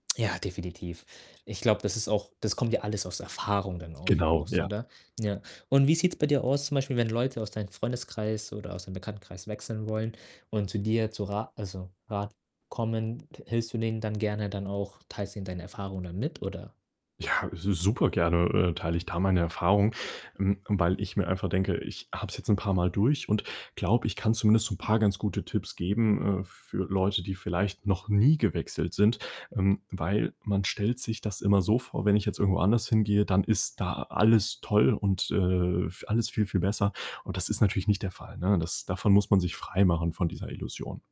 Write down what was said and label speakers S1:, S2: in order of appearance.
S1: Ja, definitiv. Ich glaube, das ist auch das kommt ja alles aus Erfahrung dann auch
S2: Genau,
S1: aus,
S2: ja.
S1: oder? Ja. Und wie sieht's bei dir aus zum Beispiel, wenn Leute aus deinem Freundeskreis oder aus deinem Bekanntenkreis wechseln wollen und zu dir zu Ra also, Rat kommen, t hilfst du denen dann gerne dann auch, teilst denen deine Erfahrungen dann mit, oder?
S2: Ja, su super gerne, äh, teile ich da meine Erfahrung, hm, weil ich mir einfach denke, ich habe es jetzt 'n paarmal durch und glaube, ich kann zumindest so 'n paar ganz gute Tipps geben, äh, f für Leute, die vielleicht noch nie gewechselt sind, ähm, weil man stellt sich das immer so vor, wenn ich jetzt irgendwo anders hingehe, dann ist da alles toll und, äh, vi alles viel, viel besser. Und das ist natürlich nicht der Fall, ne? Das davon muss man sich freimachen von dieser Illusion.